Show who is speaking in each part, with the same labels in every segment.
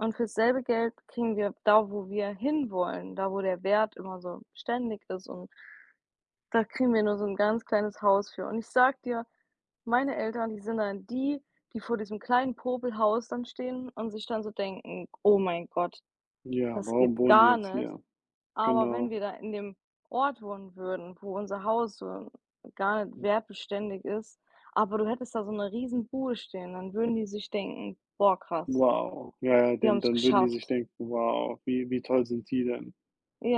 Speaker 1: Und fürs selbe Geld kriegen wir da, wo wir hinwollen, da wo der Wert immer so beständig ist und da kriegen wir nur so 'n ganz kleines Haus für und ich sage dir, meine Eltern, die sind dann die, die vor diesem kleinen Popelhaus dann stehen und sich dann so denken: „Oh mein Gott,
Speaker 2: Ja,
Speaker 1: das
Speaker 2: warum
Speaker 1: geht
Speaker 2: wohnen die
Speaker 1: gar
Speaker 2: jetzt
Speaker 1: nicht.“
Speaker 2: hier?
Speaker 1: Aber wenn
Speaker 2: Genau.
Speaker 1: wir da in dem Ort wohnen würden, wo unser Haus so gar nicht
Speaker 2: Hm.
Speaker 1: wertbeständig ist, aber du hättest da so 'ne Riesenbude stehen, dann würden die sich denken: „Boah krass.“
Speaker 2: Wow. Ja, ja,
Speaker 1: „Die
Speaker 2: dann
Speaker 1: haben's
Speaker 2: dann würden die sich
Speaker 1: geschafft.“
Speaker 2: denken: „Wow, wie wie toll sind die denn?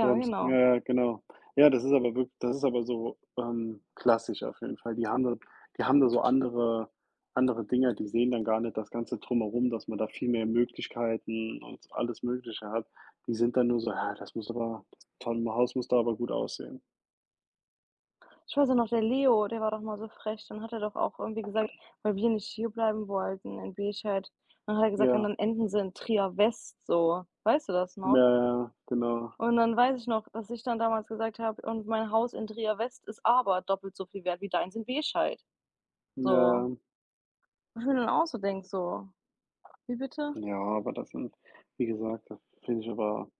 Speaker 2: Die haben's
Speaker 1: genau.
Speaker 2: "ja, ja, genau. Ja, das ist aber wirk das ist aber so, ähm, klassisch auf jeden Fall. Die haben da die haben da so andere andere Dinge, die sehen dann gar nicht das Ganze drumherum, dass man da viel mehr Möglichkeiten und alles Mögliche hat. Die sind dann nur so: „Ja, das muss aber das tolle Haus muss da aber gut aussehen."
Speaker 1: Ich weiß auch noch, der Leo, der war doch mal so frech. Dann hat er doch auch irgendwie gesagt, weil wir nicht hierbleiben wollten in Bescheid, dann hat er gesagt: „Und
Speaker 2: Ja.
Speaker 1: dann enden sie in Trier West so.“ Weißt du das
Speaker 2: Ja,
Speaker 1: noch?
Speaker 2: ja, genau.
Speaker 1: Und dann weiß ich noch, dass ich dann damals gesagt habe: „Und mein Haus in Trier West ist aber doppelt so viel wert wie deins in Bescheid“
Speaker 2: Ja,
Speaker 1: so.
Speaker 2: ja.
Speaker 1: Wo ich mir dann auch so denke so: „Wie bitte?"
Speaker 2: Ja, aber das sind wie gesagt, das finde ich aber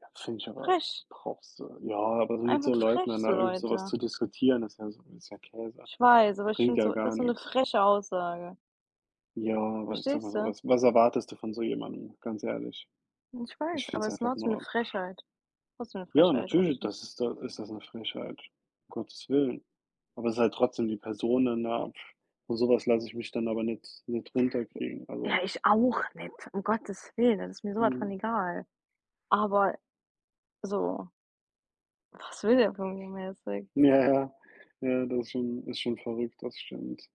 Speaker 2: ja, finde ich aber
Speaker 1: Frech.
Speaker 2: brauchst du ja, aber so mit
Speaker 1: Einfach
Speaker 2: so Leuten
Speaker 1: frech
Speaker 2: dann da
Speaker 1: so
Speaker 2: irgend so was
Speaker 1: Leute.
Speaker 2: zu diskutieren, das ist ja so ist ja Käse.
Speaker 1: Ich weiß, aber ich
Speaker 2: Bringt
Speaker 1: finde
Speaker 2: ja
Speaker 1: so das
Speaker 2: gar
Speaker 1: ist so 'ne
Speaker 2: nix.
Speaker 1: freche Aussage.
Speaker 2: Ja, aber ich sage mal
Speaker 1: Verstehst
Speaker 2: so,
Speaker 1: du?
Speaker 2: was was erwartest du von so jemandem? Ganz ehrlich.
Speaker 1: Ich
Speaker 2: Ich
Speaker 1: weiß,
Speaker 2: finde
Speaker 1: aber
Speaker 2: es
Speaker 1: es
Speaker 2: einfach
Speaker 1: war so 'ne
Speaker 2: nur
Speaker 1: Frechheit. Was für 'ne
Speaker 2: Ja,
Speaker 1: Frechheit, also, ich
Speaker 2: natürlich,
Speaker 1: finde es
Speaker 2: das ist da ist das 'ne Frechheit, um Gottes willen. Aber es ist halt trotzdem die Person dann da von so was lasse ich mich dann aber nicht nicht
Speaker 1: J
Speaker 2: runterkriegen,
Speaker 1: ja,
Speaker 2: also
Speaker 1: ich auch nicht. Um Gottes willen, das ist mir so was von
Speaker 2: Mhm.
Speaker 1: egal. Aber so Was will der von mir mäßig?
Speaker 2: Ja, ja. Ja, das ist schon ist schon verrückt, das stimmt.